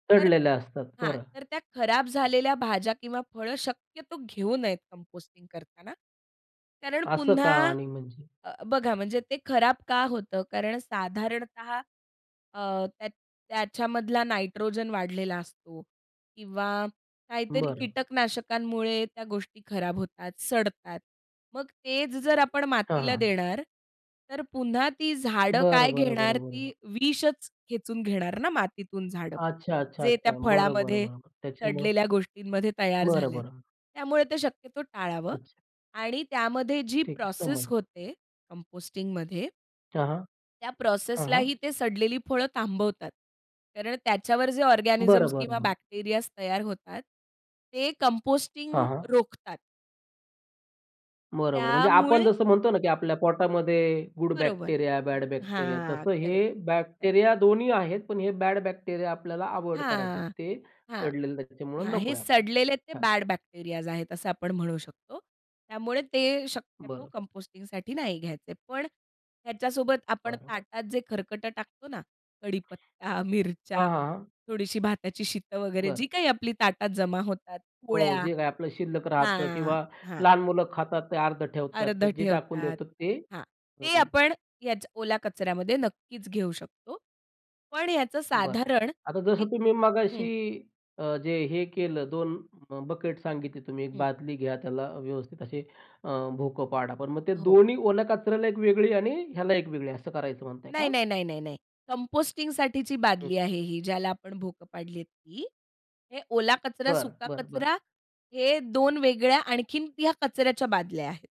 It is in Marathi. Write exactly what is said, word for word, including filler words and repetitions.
तर सडलेलं असतात, हां, बरं. तर त्या खराब झालेल्या भाज्या किंवा फळं शक्यतो घेऊ नयेत कंपोस्टिंग करताना. कारण असं का पुन्हा आणि म्हणजे? अ, बघा म्हणजे ते खराब का होतं? कारण साधारणतः अ, त्या त्याच्यामधला नायट्रोजन वाढलेला असतो किंवा काहीतरी बरं. कीटकनाशकांमुळे त्या गोष्टी खराब होतात, सडतात. मग तेच जर आपण हां, मातीला हां. देणार तर पुन्हा ती झाडं बरं, काय बरं, घेणार बरं, बरं, ती बरं. विषच खेचून घेणार ना मातीतून झाडं. अच्छा, अच्छा, जे त्या अच्छा. बरं, बरं, फळामध्ये बरं. त्याच्यामुळं सडलेल्या गोष्टींमध्ये तयार बरं, झालंय. बरं. त्यामुळे ते शक्यतो टाळावं. अच्छा. आणि त्यामध्ये जी ठीक आहे, प्रोसेस समजलं. होते कंपोस्टिंगमध्ये हां, हां. त्या हां, प्रोसेसलाही हां. ते सडलेली फळं थांबवतात. कारण त्याच्यावर जे बरं, ऑर्गॅनिझम्स बरं, किंवा बरं. बॅक्टेरियाज तयार होतात, ते कंपोस्टिंग हां, हां. रोखतात. बरोबर. म्हणजे आपण त्यामुळे जसं म्हणतो ना की आपल्या पोटामध्ये गुड बरोबर. Bacteria, bad bacteria. हां. तसं करेक्ट. हे करेक्ट. बॅक्टेरिया दोन्ही आहेत. पण हे बॅड बॅक्टेरिया आपल्याला अव्हॉइड करायचे आहेत. हां, हां, ते हां. सडलेले आहे त्याच्यामुळं हां. नको हे आहे आपल्याला. सडलेले ते छान. बॅड बॅक्टेरियाज आहेत असं आपण म्हणू शकतो. त्यामुळे ते शक्यतो बरं. कंपोस्टिंगसाठी नाही घ्यायचे. पण ह्याच्यासोबत आपण बरं. ताटात जे खरकटं टाकतो ना कढीपत्ता, मिरच्या, हां, हां, हां. थोडीशी भाताची शीतं वगैरे बरं. जी काही आपली ताटात जमा होतात, हो. पोळ्या. जे काय आपलं शिल्लक राहतं हां, किंवा हां. लहान मुलं खातात ते अर्ध ठेवतात. तर अर्धं जे टाकून ठेवतात. देतो ते. हां. ते हं. आपण ह्याच ओला कचऱ्यामध्ये नक्कीच घेऊ शकतो. पण याचं बरं. साधारण आता एक जसं तुम्ही हं. मगाशी अ, जे हे केलं, दोन बकेट सांगितले तुम्ही. एक हं. बादली घ्या त्याला व्यवस्थित अशी अ, भोकं पाडा. पण मग ते हो. दोन्ही ओल्या कचऱ्याला एक वेगळी आणि ह्याला एक वेगळी असं करायचं म्हणताय नाही, का? नाही, नाही, नाही, नाही. कंपोस्टिंगसाठीची हं. बादली आहे ही, ज्याला आपण भोकं पाडली आहेत ती. हे ओला कचरा, बरं, सुका बरं, बरं. कचरा हे दोन वेगळ्या आणखीन, या कचऱ्याच्या बादल्या आहेत.